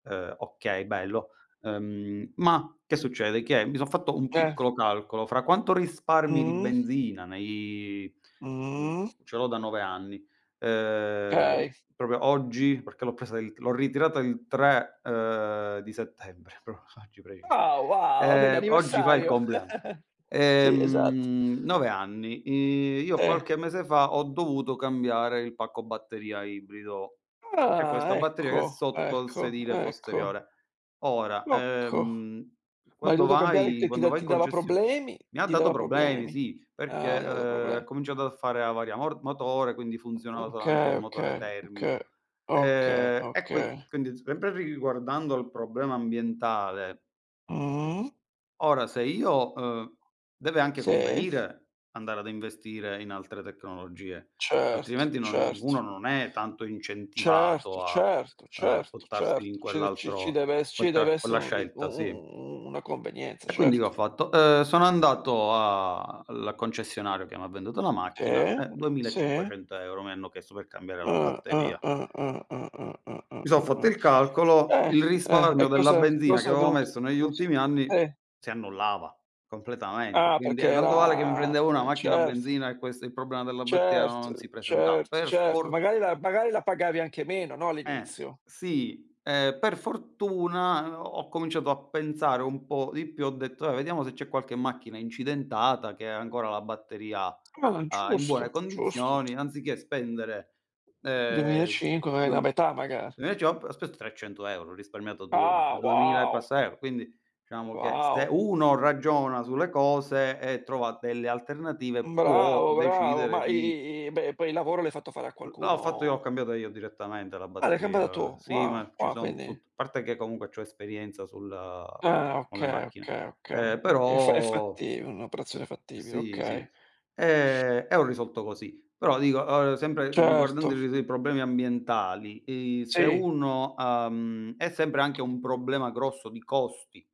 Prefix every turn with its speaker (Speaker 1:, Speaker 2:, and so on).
Speaker 1: Ehm, okay, bello. Ehm, ma, che succede, che mi son fatto un
Speaker 2: Teh!
Speaker 1: piccolo calcolo, fra quanto risparmi di
Speaker 2: Mh.
Speaker 1: benzina nei, uhm,
Speaker 2: Mh.
Speaker 1: co ce l'ho da 9 anni, ehm,
Speaker 2: Okay.
Speaker 1: proprio oggi, perché l'ho presa il l'ho ritirata il 3, ehm, di settembre, proprio fa oggi preciso.
Speaker 2: Ah, wow, è
Speaker 1: Ehm, oggi fa il
Speaker 2: l'anniversario.
Speaker 1: compleanno.
Speaker 2: Sì, esatto.
Speaker 1: Ehm, 9 anni. I io
Speaker 2: Teh.
Speaker 1: qualche mese fa ho dovuto cambiare il pacco batteria ibrido, che questa
Speaker 2: Ah,
Speaker 1: batteria che è
Speaker 2: ecco,
Speaker 1: sotto al
Speaker 2: ecco,
Speaker 1: sedile
Speaker 2: ecco.
Speaker 1: posteriore. Ora,
Speaker 2: L'ho co
Speaker 1: ehm,
Speaker 2: ma hai
Speaker 1: quando
Speaker 2: dovuto cambiare
Speaker 1: vai
Speaker 2: che ti
Speaker 1: quando
Speaker 2: da
Speaker 1: vai in
Speaker 2: ti dava
Speaker 1: concessio
Speaker 2: problemi?
Speaker 1: mi ha
Speaker 2: Ti
Speaker 1: dato
Speaker 2: dava
Speaker 1: problemi,
Speaker 2: problemi?
Speaker 1: sì, perché,
Speaker 2: Ah, ti ha dato
Speaker 1: ehm, ha
Speaker 2: proble
Speaker 1: cominciato a fare avaria mor motore, quindi
Speaker 2: Mh,
Speaker 1: funzionava
Speaker 2: okay
Speaker 1: solamente il motore
Speaker 2: okay, okay,
Speaker 1: termico.
Speaker 2: okay,
Speaker 1: Ehm, e qui
Speaker 2: okay.
Speaker 1: quindi sempre ri riguardando il problema ambientale
Speaker 2: Mh.
Speaker 1: ora se io, uhm deve anche
Speaker 2: Sì.
Speaker 1: convenire andare ad investire in altre tecnologie,
Speaker 2: Certo,
Speaker 1: altrimenti non
Speaker 2: certo.
Speaker 1: uno non è tanto
Speaker 2: Certo,
Speaker 1: incentivato a,
Speaker 2: certo,
Speaker 1: uhm,
Speaker 2: certo,
Speaker 1: buttarsi
Speaker 2: certo.
Speaker 1: in
Speaker 2: Ci de ci ci
Speaker 1: quell'altro
Speaker 2: deve es
Speaker 1: quel
Speaker 2: ci deve
Speaker 1: tra quella
Speaker 2: essere un ri u
Speaker 1: scelta, sì.
Speaker 2: u u una convenienza,
Speaker 1: E quindi che ho,
Speaker 2: certo.
Speaker 1: fatto, ehm, sono andato a alla concessionaria che mi ha venduto la macchina,
Speaker 2: Sì,
Speaker 1: eh, duemila e
Speaker 2: sì.
Speaker 1: cinquecento euro mi hanno chiesto per cambiare la
Speaker 2: Ah, ah,
Speaker 1: batteria.
Speaker 2: ah, ah, ah, ah, ah, ah,
Speaker 1: Mi so'
Speaker 2: ah,
Speaker 1: fatto
Speaker 2: ah.
Speaker 1: il calcolo,
Speaker 2: Eh,
Speaker 1: il
Speaker 2: eh, e
Speaker 1: risparmio della
Speaker 2: cosa
Speaker 1: benzina che
Speaker 2: cosa hai
Speaker 1: avevo
Speaker 2: dovut
Speaker 1: messo negli
Speaker 2: lo s
Speaker 1: ultimi anni
Speaker 2: Eh.
Speaker 1: si annullava, completamente,
Speaker 2: Ah,
Speaker 1: quindi
Speaker 2: perché
Speaker 1: eh, tanto vale che mi prendevo
Speaker 2: era
Speaker 1: una
Speaker 2: eh,
Speaker 1: macchina a
Speaker 2: certo.
Speaker 1: benzina e questo il problema della batteria non si
Speaker 2: Certo,
Speaker 1: presentava.
Speaker 2: certo,
Speaker 1: Per
Speaker 2: certo.
Speaker 1: for
Speaker 2: Magari la magari la pagavi anche meno, no,
Speaker 1: Eh.
Speaker 2: all'inizio?
Speaker 1: Sì, ehm, per fortuna h ho cominciato a pensare un po' di più, ho detto: "Dai, vediamo se c'è qualche macchina incidentata che ha ancora la batteria,
Speaker 2: Mah,
Speaker 1: uhm, in buone
Speaker 2: giusto, giusto.
Speaker 1: condizioni, anziché spendere,
Speaker 2: duemila e
Speaker 1: ehm,
Speaker 2: cinque ma è la
Speaker 1: due"
Speaker 2: metà magari.
Speaker 1: Invece ho p ho speso 300 €, ho risparmiato du
Speaker 2: Ah,
Speaker 1: 2000 e
Speaker 2: wow.
Speaker 1: passa euro. Quindi, diciamo che se
Speaker 2: Wow.
Speaker 1: uno ragiona sulle cose e trova delle alternative può
Speaker 2: Bravo, bravo.
Speaker 1: decidere
Speaker 2: Ma i
Speaker 1: di
Speaker 2: i i beh, poi il lavoro l'hai fatto fare a
Speaker 1: Uhm, là
Speaker 2: qualcuno,
Speaker 1: ho fatto io, ho
Speaker 2: o
Speaker 1: cambiata io direttamente la
Speaker 2: Ah, l'hai cambiata
Speaker 1: batteria.
Speaker 2: tu?
Speaker 1: Sì,
Speaker 2: Wow,
Speaker 1: ma ci
Speaker 2: wow,
Speaker 1: sono
Speaker 2: quindi
Speaker 1: tut parte che comunque c'ho esperienza sul
Speaker 2: Ah,
Speaker 1: con le
Speaker 2: okay,
Speaker 1: macchine.
Speaker 2: okay, okay,
Speaker 1: Ehm,
Speaker 2: okay. È f è
Speaker 1: però
Speaker 2: fatti un'operazione fattibile,
Speaker 1: Sì, sì.
Speaker 2: okay.
Speaker 1: E e ho risolto così. Però dico, uhm, sempre riguardando i
Speaker 2: Certo.
Speaker 1: ri ri i problemi ambientali, i se
Speaker 2: Sì.
Speaker 1: uno, uhm è sempre anche un problema grosso di costi.